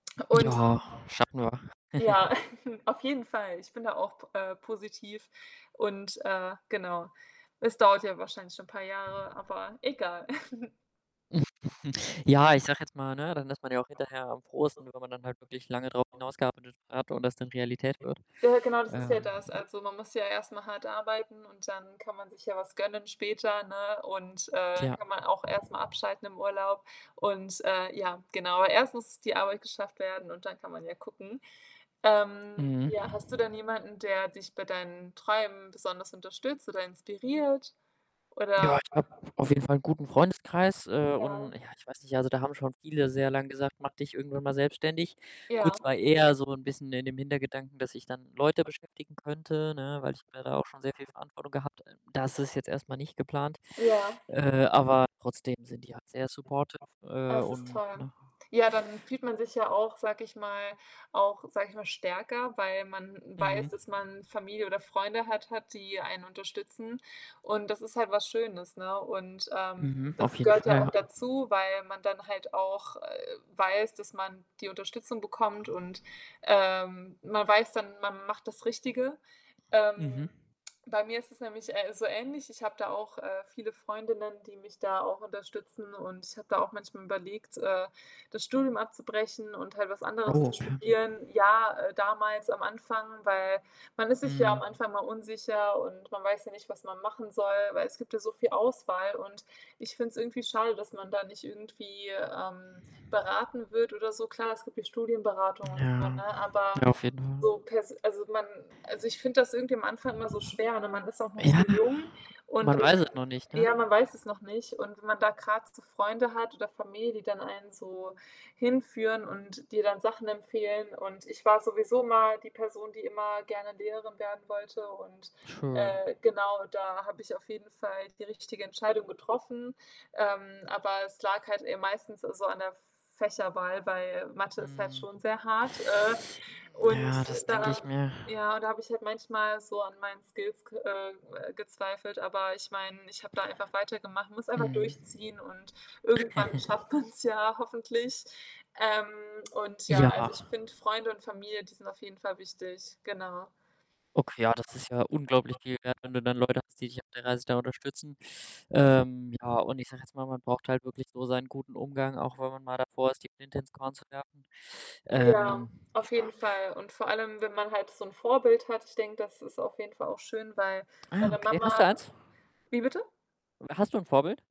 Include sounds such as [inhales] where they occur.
Und Ja, schaffen wir. ja, [chuckles] [chuckles] auf jeden Fall. Ich bin da auch p äh, positiv und, äh genau. Es dauert ja wahrscheinlich schon paar Jahre, aber egal. [chuckles] [chuckles] Ja, ich sage jetzt mal, ne, dann ist man ja auch hinterher am frohesten, wenn man dann halt wirklich lange drauf hinaus gearbeitet hat und das dann Realität wird. Ja, ja, genau, das ist ja Ähm, das. ja. Also, man muss ja erst mal hart arbeiten und dann kann man sich ja was gönnen später, ne? Und, äh, Tja. kann man auch erst mal abschalten im Urlaub. Und, äh, ja, genau, erst muss die Arbeit geschafft werden und dann kann man ja gucken. Ähm, Mhm. ja, hast du denn jemanden, der dich bei deinen Träumen besonders unterstützt oder inspiriert, Ja, oder ich habe auf jeden Fall 'nen guten Freundeskreis, äh, Ja. und ja, ich weiß nicht, also, da haben schon viele sehr lang gesagt: „Mach dich irgendwann mal selbstständig.“ Gut, Ja. es war eher so 'n bisschen in dem Hintergedanken, dass ich dann Leute beschäftigen könnte, ne, weil ich mir da auch schon sehr viel Verantwortung gehabt. Das ist jetzt erst mal nicht geplant, Ja. äh, aber trotzdem sind die halt sehr supportive, Aber äh, es ist und toll. ne? Ja, dann fühlt man sich ja auch, sage ich mal auch, sage ich mal, stärker, weil man, weiß, Mhm. dass man Familie oder Freunde hat hat die einen unterstützen. Und das ist halt was Schönes, ne? Und, ähm, Mhm. Auf das jeden gehört ja Fall, auch ja. dazu, weil man dann halt auch, äh, weiß, dass man die Unterstützung bekommt und, ähm, man weiß dann, man macht das Richtige, ähm. Mhm. Bei mir ist es nämlich, äh, so ähnlich, ich habe da auch, äh, viele Freundinnen, die mich da auch unterstützen, und ich habe da auch manchmal überlegt, äh, das Studium abzubrechen und halt was anderes Oh, zu okay. studieren. Ja, äh, damals am Anfang, weil man ist sich ja am Mhm. Anfang mal unsicher und man weiß ja nicht, was man machen soll, weil es gibt ja so viel Auswahl. Und ich finde es irgendwie schade, dass man da nicht irgendwie, ähm, beraten wird oder so. Klar, es gibt ja Studienberatung und so, ne, Ja, aber ja, auf jeden Fall. so, pers also, man also, ich finde das irgendwie am Anfang immer so schwer, ne? Man ist auch noch so Ja, jung und man weiß es nur nicht, ne? ja, man weiß es noch nicht. Und wenn man da gerade so Freunde hat oder Familie, die dann einen so hinführen und dir dann Sachen empfehlen. Und ich war sowieso mal die Person, die immer gerne Lehrerin werden wollte. Und, Schön. äh, genau, da habe ich auf jeden Fall die richtige Entscheidung getroffen. Ähm, aber es lag halt eher meistens so an der F Fächerwahl, weil Mathe ist halt Mhm. schon sehr hart, äh, [inhales] und Ja, das denke da ich mir. ja, da habe ich halt manchmal so an meinen Skills g äh, gezweifelt. Aber ich meine, ich habe da einfach weitergemacht, muss einfach Mhm. durchziehen und irgendwann [chuckles] schafft man's ja hoffentlich, ähm, und ja. Also, Ja. ich finde Freunde und Familie, die sind auf jeden Fall wichtig, genau. Okay, das ist ja unglaublich viel wert, wenn du dann Leute hast, die dich auf der Reise da unterstützen. Ähm, ja, und ich sage jetzt mal, man braucht halt wirklich so seinen guten Umgang, auch wenn man mal davor ist, die Flinte ins Korn zu werfen. Ja, Ähm, auf ja. jeden Fall. Und vor allem, wenn man halt so 'n Vorbild hat. Ich denke, das ist auf jeden Fall auch schön, weil Ah, meine okay. Hast du Mama eins? wie bitte? W hast du ein Vorbild?